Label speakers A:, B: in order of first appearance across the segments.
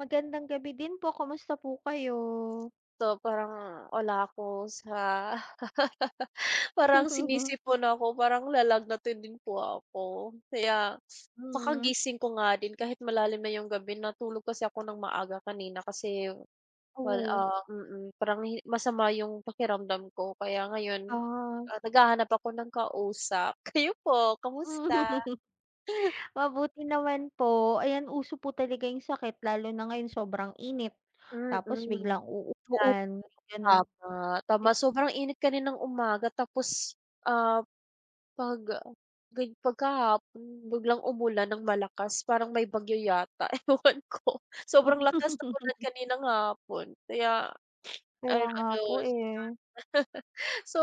A: Magandang gabi din po, kamusta po kayo?
B: 'To parang wala ako sa Parang sinisipon ako, parang lalagnatin din po ako kaya
A: Mm.
B: kakagising ko nga din kahit malalim na yung gabi, natulog kasi ako ng maaga kanina kasi wal
A: Oo.
B: ah, mm, parang hi masama yung pakiramdam ko, kaya ngayon,
A: Ah.
B: ah, naghahanap ako ng kausap. Kayo po
A: Hmm,
B: kamusta?
A: mabuti naman po, ayan uso po talaga yung sakit lalo na ngayon sobrang init, tapos
B: Mm.
A: biglang
B: Oo
A: uulan,
B: naman,
A: may gano'n,
B: tama. Tama
A: din.
B: sobrang init kaninang umaga tapos, ah, 'pag ga pagkahapon biglang umulan ng malakas parang may bagyo yata, ewan ko sobrang lakas ng ulan kaninang hapon kaya
A: Kaya
B: ayun
A: nga
B: ano,
A: po,
B: yan.
A: eh.
B: So,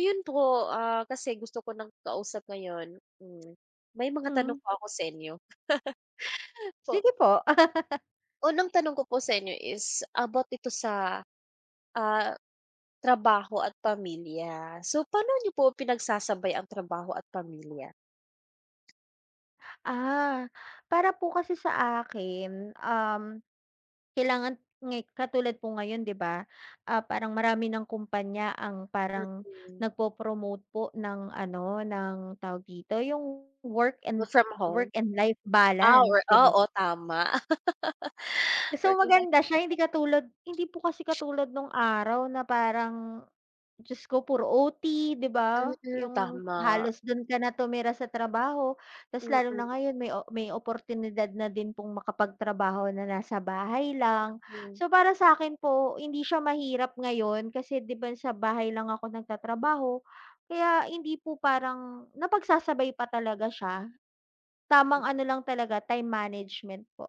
B: 'yun po, ah, kasi gusto ko ng kausap ngayon, hmm, may mga tanong
A: Hmm.
B: po ako sa inyo. Po?
A: Sige po.
B: Unang tanong ko po sa inyo is about ito sa, ah, trabaho at pamilya. So pa'no niyo po pinagsasabay ang trabaho at pamilya?
A: Ah, para po kasi sa akin, um, kailangan nga'y katulad po ngayon 'di ba, ah, parang marami ng kumpanya ang parang
B: Mm.
A: nagpo-promote po ng ano ng tawag dito? Yung work
B: Work
A: and
B: from
A: work
B: home.
A: and life
B: Ah or
A: balance 'di ba?
B: oo, tama.
A: So
B: Working life,
A: maganda siya hindi
B: parehas.
A: katulad hindi po kasi katulad nung araw na parang, Diyos ko puro OT 'di ba,
B: Mm,
A: yung
B: tama.
A: halos do'n ka na tumira sa trabaho, tas lalo
B: Mm.
A: na ngayon may o may oportunidad na din pong makapagtrabaho na nasa bahay lang.
B: Mm.
A: So, para sa akin po hindi siya mahirap ngayon, kasi 'di ba sa bahay lang ako nagtatrabaho kaya hindi po parang, napagsasabay pa talaga siya,
B: Hmm.
A: tamang ano lang talaga time management po.